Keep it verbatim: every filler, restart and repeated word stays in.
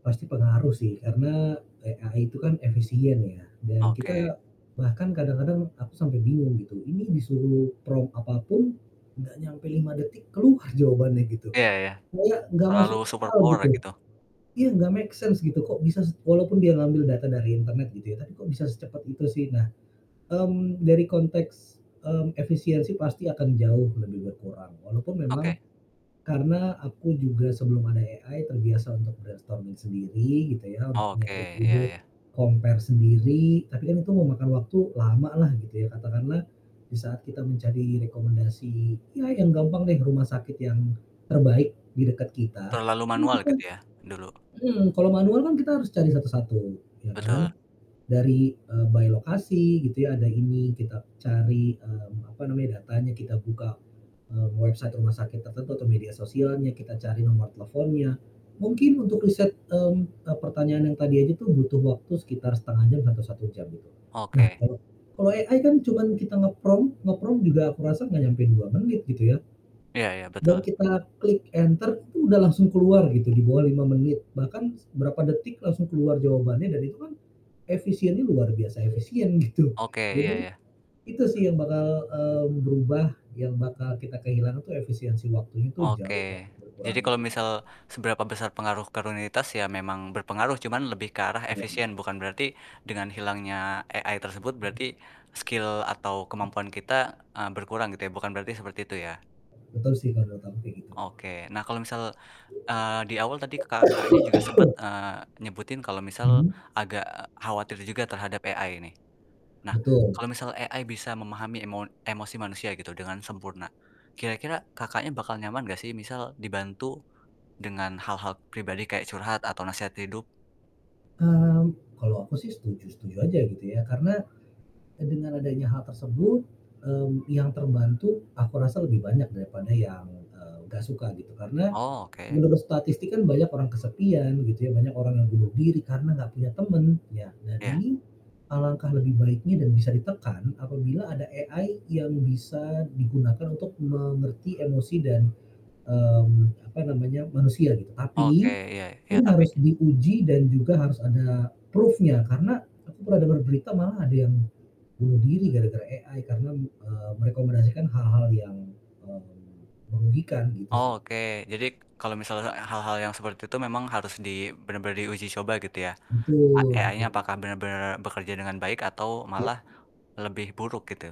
Pasti pengaruh sih karena AI itu kan efisien ya, dan Oke kita bahkan kadang-kadang aku sampe bingung gitu, ini disuruh prompt apa pun, nggak nyampe lima detik keluar jawabannya gitu, Iya, ya ya, kayak nggak terlalu masuk akal, superpower gitu. gitu. Iya nggak make sense gitu kok bisa s walaupun dia ngambil data dari internet gitu ya, tapi kok bisa secepat itu sih. Nah, mmm, dari konteks, mmm, efisiensi pasti akan jauh lebih berkurang, walaupun memang Oke. karena aku juga sebelum ada AI terbiasa untuk brainstorming sendiri gitu ya, untuk Oke, nyari iya ide, iya. compare sendiri, tapi kan itu memakan waktu lama lah gitu ya. Katakanlah di saat kita mencari rekomendasi, ya yang gampang deh rumah sakit yang terbaik di dekat kita, Terlalu itu manual kita gitu ya, dulu? mhm, kalau manual kan kita harus cari satu-satu ya Betul. kan dari, eee, by lokasi gitu ya, ada ini kita cari, mmm, apa namanya, datanya kita buka, eee, website rumah sakit tertentu atau media sosialnya, kita cari nomor teleponnya. Mungkin untuk riset, mmm, eee, pertanyaan yang tadi aja tuh butuh waktu sekitar setengah jam atau satu jam itu. Nah, Oke. kalau kalau AI kan cuman kita nge-prompt nge-prompt juga ku rasa nggak nyampe dua menit gitu ya, Iya iya, dan betul. kita klik enter itu udah langsung keluar gitu di bawah lima menit, bahkan s berapa detik langsung keluar jawabannya dan itu kan efisiennya luar biasa efisien gitu. Oke, iya Jadi, iya. itu sih yang bakal, eee, berubah yang bakal kita kehilangan tuh efisiensi waktunya jauh Oke, banget jadi berkurangnya kalau sih. misal seberapa besar pengaruh ke runinitas ya memang berpengaruh, cuma lebih ke arah Apa lagi? efisien bukan berarti dengan hilangnya AI tersebut, Mhm. berarti skill atau kemampuan kita, eee, berkurang gitu ya, bukan berarti seperti itu ya? Tetap sih, menurut aku kayak gitu. Oke. Nah kalau misal, eee, di awal tadi Kakaknya, juga sempet, eee, nyebutin kalau misal Mhm? agak khawatir juga terhadap AI nih. Nah, Betul. kalau misal AI bisa memahami emo emosi manusia gitu dengan sempurna, kira-kira Kakaknya, bakal nyaman gak sih misal dibantu dengan hal-hal pribadi kayak curhat atau nasehat hidup? Mmm, kalau aku sih setuju-setuju aja gitu ya, karena dengan adanya hal tersebut, mmm, yang terbantu aku rasa lebih banyak daripada yang, eee, nggak suka, gitu. Karena Oh, oke. menurut statistik kan banyak orang kesepian begitu ya, banyak orang yang bunuh diri, karena nggak punya temen, ya dan Iya. ini alangkah lebih baiknya dan bisa ditekan apabila ada AI yang bisa digunakan untuk mengerti emosi dan, mmm, apa namanya, manusia, gitu. Oke, Tapi iya iya, ini tapi harus diuji dan juga harus ada proof-nya, karena aku pernah dengar berita malah ada yang bunuh diri gara-gara AI karena, eee, merekomendasikan hal-hal yang, mmm, merugikan gitu Oh, sih. oke, jadi kalau misalnya hal-hal yang seperti itu memang harus di bener-bener diuji coba gitu ya. A Betul AI-nya betul. apakah bener-bener bekerja dengan baik atau Iya. malah lebih buruk, gitu?